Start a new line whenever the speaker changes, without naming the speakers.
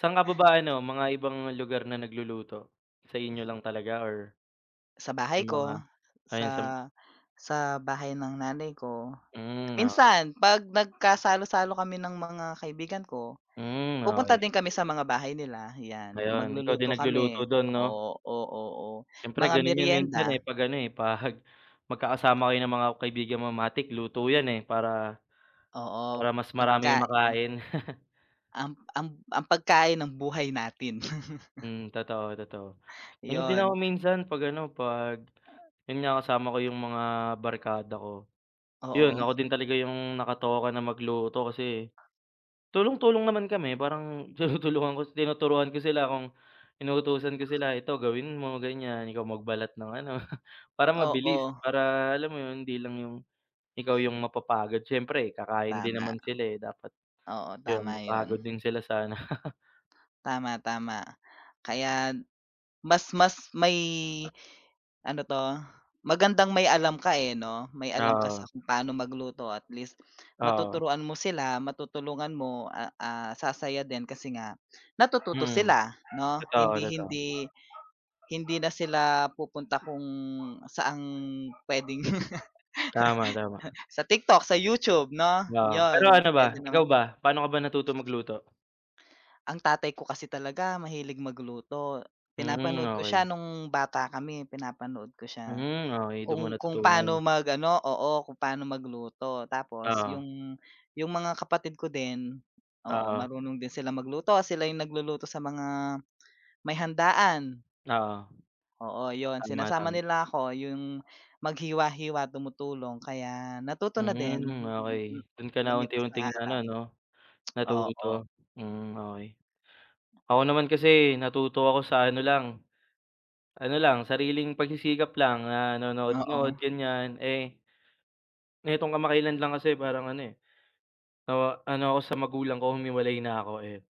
Sa'n ka pa ba ano, mga ibang lugar na nagluluto? Sa inyo lang talaga or
Sa bahay
yung mga
ko, sa
ayun, sa m
sa bahay ng nanay ko.
Hmm, okey.
Minsan 'pag nagkasalo-salo kami ng mga kaibigan ko,
Hmm,
pupunta
okey.
din kami sa mga bahay nila, 'yan.
Ayun, ikaw din
Magluluto
nagluluto
kami.
dun, 'no?
Oo, o oo.
Siyempre
Mga
ganun yun minsan, eh,
merienda.
'pag ano, eh, 'pag magkakasama kayo ng mga kaibigan mo matik luto 'yan, eh, para
Oo,
para mas marami yung
pagkai
makain.
Ang ang ang pagkain ng buhay natin.
Hmm, totoo totoo. Ganyan din ako
'Yon.
minsan 'pag ano, 'pag yun nga, kasama ko yung mga barkada ko. Yun,
Oo.
ako din talaga yung nakatoka na magluto kasi tulong-tulong naman kami. Parang tinutulungan ko si tinuturuan ko sila kung inuutusan ko sila. Ito gawin mo, ganyan. Ikaw magbalat ng ano, para mabilis.
Oo.
Para alam mo yun, hindi lang yung ikaw yung mapapagod. Siyempre kakain din
Tama.
naman sila, eh, dapat
Oo,
'yon,
tama 'yon.
mapagod din sila sana.
Tama, tama. Kaya mas mas may ano 'to? Magandang may alam ka, eh, 'no? May
Ah,
alam ka sa
oo.
kung paano magluto at least
Oo.
matuturuan mo sila, matutulungan mo, ah, ah, sasaya din kasi nga natututo
Mm.
sila, 'no?
Totoo,
Hindi
totoo.
hindi hindi na sila pupunta kung saang pwedeng
Tama, tama.
sa TikTok, sa YouTube, 'no?
Oo. Pero
'Yon,
ano ba,
pwede
ikaw
naman.
ba, paano ka ba natuto magluto?
Ang tatay ko kasi talaga mahilig magluto.
Mhm,
Pinapanood ko siya
okey.
nung bata kami, pinapanood ko siya.
Hmm, okey. Dun mo
Kung kung paano
natutunan.
mag-ano oo. Kung pa'no magluto tapos
Oo.
yung yung mga kapatid ko din, oo,
Oo.
marunong din sila magluto. Sila yung nagluluto sa mga may handaan.
Oo.
Oo, 'yon.
Tama,
Sinasama
tama.
nila ako yung maghiwa-hiwa, tumutulong kaya natuto na din.
Mhm,
Mm, mm.
okey. Dun ka na
Lumipas ang
unti-unting naano
araw.
'no,
Oo.
natuto? Hmm, okey. Ako naman kasi natuto ako sa ano lang ano lang, sariling pagsisikap lang. Nanonood-nood,
Oo.
ganyan. Eh nitong kamakailan lang kasi parang ano, eh, nawa ano ako sa magulang ko, humiwalay na ako, eh.